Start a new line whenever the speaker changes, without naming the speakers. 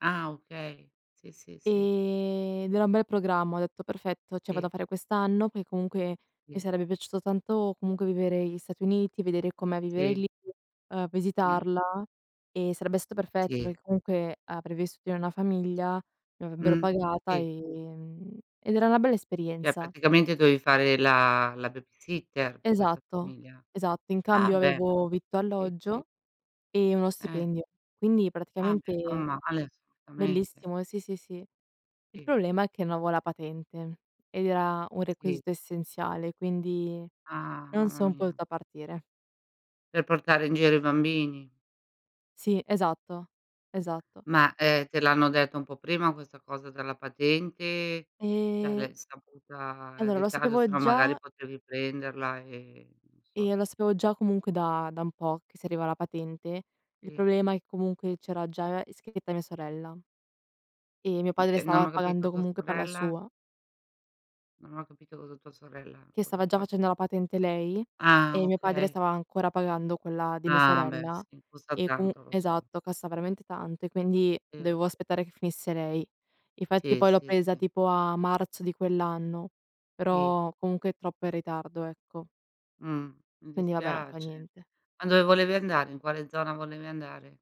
Ah okay! Si si si.
E ed era un bel programma, ho detto: "Perfetto, cioè vado a
Si.
fare quest'anno". Perché comunque mi
Si.
sarebbe piaciuto tanto comunque vivere gli Stati Uniti, vedere com'è vivere
Si.
lì, uhm,
Mh.
visitarla e sarebbe stato perfetto
Si.
perché comunque avrei vissuto in una famiglia, mi avrebbero
Mh.
pagata,
Si.
ehm, ed era una bella
Cioè
esperienza.
praticamente dovevi fare la la babysitter per questa
Esatto,
famiglia.
esatto. In
Ah
cambio
beh
avevo
[unintelligible]
vitto,
Si si.
alloggio e uno
Eh.
stipendio, quindi
Ah beh, non
praticamente
male, assolutamente.
bellissimo, sì, sì, sì. Il
Si.
problema è che non avevo la patente ed era un
Si.
requisito essenziale, quindi
Ah
non
mamma
son
mia!
potuta partire.
Per portare in giro i bambini.
Sì, esatto. Esatto.
Ma, ehm, te l'hanno detto un po' prima questa cosa della patente?
E
L'avrai saputa in
allora lo
ritardo? Se
sapevo
no magari
già
potevi prenderla e non so.
e lo sapevo già comunque da da un po' che si serviva la patente. Il
Sì.
problema è che comunque c'era già iscritta mia sorella e mio padre
Mh, non
stava
ho capito,
pagando
tua
comunque per la
sorella?
sua.
Non ho capito cosa tua sorella
Che
cosa ha
stava già facendo
fatto.
la patente lei,
Ah!
e mio padre
Okay.
stava ancora pagando quella di mia
Ah beh!
sorella,
Si costa
e comun
tanto, lo so.
Esatto, costa veramente tanto e quindi
Sì [unintelligible]
dovevo aspettare che finisse lei. Infatti
Sì,
poi l'ho
sì,
presa
sì.
tipo a marzo di quell'anno,
Si.
però comunque è troppo in ritardo, ecco.
Mh. Mi
Quindi vabbè, non fa
dispiace.
niente.
Ma dove volevi andare? In quale zona volevi andare?